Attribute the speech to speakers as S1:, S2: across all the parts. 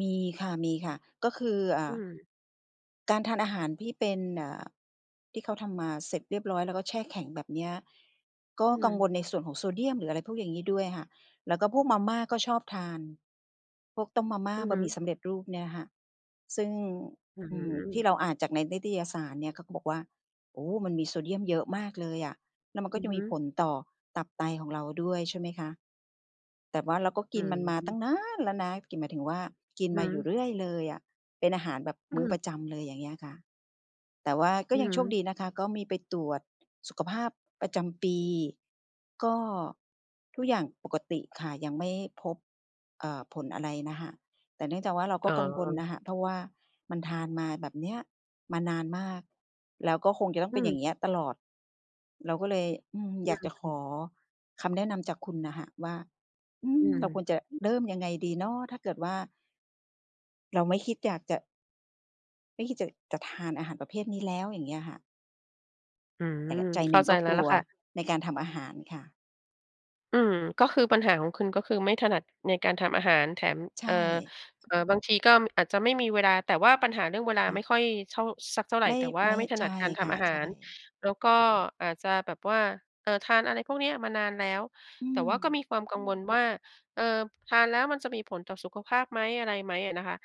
S1: มีค่ะ มีค่ะ ก็คือ อ่
S2: อื
S1: า
S2: อ
S1: การทานอาหารที่เป็น เอ่อ ที่เขาทำมาเสร็จเรียบร้อย แล้วก็แช่แข็ง แบบเนี้ย ก็
S2: อื
S1: กัง
S2: ม
S1: วลในส่วนของโซเดียม หรืออะไรพวกอย่างงี้ด้วยค่ะ แล้วก็พวกมาม่าก็ชอบทาน พวกต้มมาม่า
S2: อือ
S1: บ
S2: ฮึ
S1: ะหมี่สำเร็จรูปเนี่ยค่ะ ซึ่ง
S2: อื
S1: อือ ที่
S2: ม
S1: เราอ่านจากในนิตยสารเนี่ยเขาก็บอกว่า โอ้ มันมีโซเดียมเยอะมากเลยอะ แล้วมัน
S2: อ
S1: ก็
S2: ือ
S1: จะ
S2: ฮ
S1: ม
S2: ึ
S1: ีผลต่อตับไตของเราด้วย ใช่ไหมคะ แต่ว่าเราก็
S2: อื
S1: กินมันมาต
S2: อ
S1: ั้งนานแล้วนะ กิน หมายถึงว่า กิน
S2: อือฮ
S1: มาอยู
S2: ึ
S1: ่เรื่อยเลยอะ เป็นอาหารแบบ
S2: อ
S1: มื
S2: ื
S1: ้อ
S2: อ
S1: ประจำเลย อย่างเงี้ยค่ะ แต่ว่าก็
S2: อือ
S1: ยัง
S2: ฮ
S1: โชค
S2: ึ
S1: ดีนะคะ ก็มีไปตรวจ สุขภาพประจำปี ก็ทุกอย่างปกติค่ะ ยังไม่พบ เอ่อ ผลอะไรนะคะ แต่เนื่องจากว่าเรา
S2: อ
S1: ก็
S2: ๋
S1: กังวล
S2: อ
S1: น่ะค่ะ เพราะว่ามันทานมาแบบเนี้ยมานานมาก แล้วก็คงจะต้อง
S2: อ
S1: เ
S2: ื
S1: ป็นอ
S2: ม
S1: ย่างเงี้ยตลอด เราก็เลย อืม
S2: อ
S1: อย
S2: ื
S1: ากจะข
S2: ม
S1: อคำแนะนำจากคุณน่ะค่ะว่า อื
S2: อื
S1: อ
S2: ม
S1: เราควรจะ
S2: อือ
S1: เริ่มยังไงดีเนาะ? ถ้าเกิดว่า เราไม่คิดอยากจะ ไม่คิดจะ จะทานอาหารประเภทนี้แล้ว อย่างเงี้ยค่ะ
S2: อื
S1: แต
S2: ม
S1: ่ใจ
S2: เข
S1: หน
S2: ้
S1: ึ
S2: า
S1: ่ง
S2: ใจ
S1: ก็
S2: แล้
S1: ก
S2: ว
S1: ล
S2: ล่
S1: ั
S2: ะ
S1: ว
S2: ค่ะ
S1: ในการทำอาหารค่ะ
S2: อืม ก็คือปัญหาของคุณก็คือไม่ถนัดในการทำอาหาร แถม
S1: ใช
S2: เอ่
S1: ่
S2: อ เอ่อ บางทีก็อาจจะไม่มีเวลา แต่ว่าปัญหาเรื่องเวลา
S1: ค่
S2: ไม
S1: ะ
S2: ่ค่อยเท่า สักเท่าไร
S1: ไม่
S2: แต่ว่า
S1: ไม่
S2: ไม่ถ
S1: ใ
S2: น
S1: ช
S2: ัด
S1: ่
S2: การท
S1: ค่
S2: ำอ
S1: ะ
S2: าห
S1: ใช
S2: า
S1: ่
S2: ร แล้วก็อาจจะแบบว่า เออ ทานอะไรพวกเนี้ยมานานแล้ว
S1: อื
S2: แต่ว่าก็ม
S1: ม
S2: ีความ กังวลว่า เอ่อ ทานแล้วมันจะมีผลต่อสุขภาพไหม อะไรไหม อะนะคะ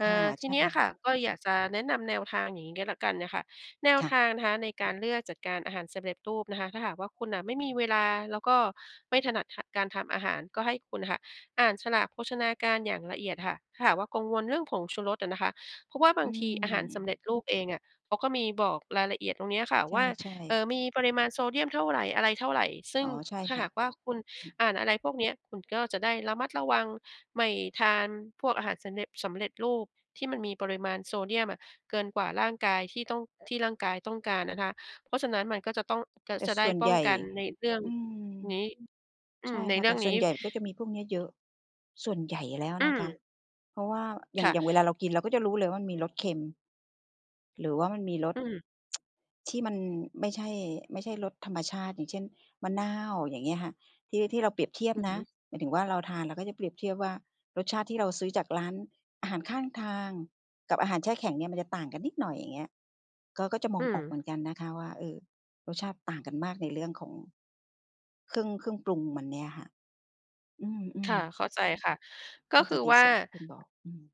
S2: อ
S1: ค
S2: ่
S1: ่ะ
S2: า ท
S1: ใ
S2: ี
S1: ช่
S2: เนี้ยค
S1: ค
S2: ่
S1: ่
S2: ะ
S1: ะ
S2: ก็เลยอยากจะแนะนำแนวทางอย่างงี้ก็แล้วกันน่ะค่ะ แนว
S1: ค่
S2: ท
S1: ะ
S2: างนะคะในการเลือกจัดการอาหารสำเร็จรูปนะคะ ถ้าหากว่าคุณน่ะไม่มีเวลา แล้วก็ไม่ถนัด ถ การทำอาหาร ก็ให้คุณค่ะอ่านฉลากโภชนาการอย่างละเอียดค่ะ ถ้าหากว่ากังวลเรื่องผงชูรสอะนะคะ เพราะว่าบา
S1: อื
S2: งทีอาหารสำเร็
S1: ม
S2: จรูปเองอะ เขาก็มีบอกรายละเอียดตรงเนี้ยค่ะ
S1: ใ
S2: ว่า
S1: ช่
S2: เออ
S1: ๆ
S2: มีปริมาณโซเดียมเท่าไร อะไรเท่าไร ซึ่
S1: อ๋
S2: ง
S1: อ ใช่
S2: ถ้
S1: ค
S2: า
S1: ่
S2: ห
S1: ะ
S2: ากว่าคุณ
S1: อือ
S2: อ่านอะไรพวกเนี้ย คุณก็จะได้ระมัดระวัง ไม่ทานพวกอาหารสำเร็จ สำเร็จรูป ที่มันมีปริมาณโซเดียมอะเกินกว่าร่างกายที่ต้อง ที่ร่างกายต้องการนะคะ เพราะฉะนั้นมันก็จะต้อง จะ
S1: แต่
S2: จะได
S1: ส
S2: ้
S1: ่วน
S2: ป
S1: ใ
S2: ้
S1: ห
S2: อ
S1: ญ
S2: ง
S1: ่
S2: กันในเรื่อง
S1: อืม
S2: นี้ อ
S1: ใ
S2: ื
S1: ช
S2: ม
S1: ่
S2: ใน
S1: ค่ะ
S2: เรื
S1: แต
S2: ่
S1: ่
S2: อง
S1: ส
S2: น
S1: ่
S2: ี
S1: ว
S2: ้
S1: น ใหญ่ก็จะมีพวกเนี้ยเยอะ ส่วนใหญ่แล้ว
S2: อื
S1: นะคะ
S2: ม
S1: เพราะว่าอย่า
S2: ค
S1: ง
S2: ่
S1: อย่างเวลา
S2: ะ
S1: เรากินเราก็จะรู้เลยว่ามันมีรสเค็ม หรือว่ามันมีร
S2: อ
S1: ส
S2: ืม
S1: ที่มันไม่ใช่ ไม่ใช่รสธรรมชาติ อย่างเช่น มะนาว อย่างเงี้ยค่ะ ที่ ที่เราเปรียบเทีย
S2: อ
S1: บ
S2: ือฮ
S1: นะ
S2: ึ
S1: หมายถึงว่าเราทาน เราก็จะเปรียบเทียบว่ารสชาติที่เราซื้อจากร้านอาหารข้างทางกับอาหารแช่แข็งเนี่ยมันจะต่างกันนิดหน่อย อย่างเงี้ย ก็ ก็จะม
S2: อื
S1: องออกเห
S2: ม
S1: มือนกันนะคะว่า เออ รสชาติต่างกันมากในเรื่องของ เครื่อง เครื่องปรุงมันเนี่ยค่ะ อื
S2: ค
S1: อ
S2: ่ะ
S1: ๆ
S2: เข้าใจค่ะ ก
S1: เข
S2: ็
S1: ้า
S2: ค
S1: ใจ
S2: ือ
S1: ใน
S2: ว่า
S1: ส่วนที่คุณบอก อืม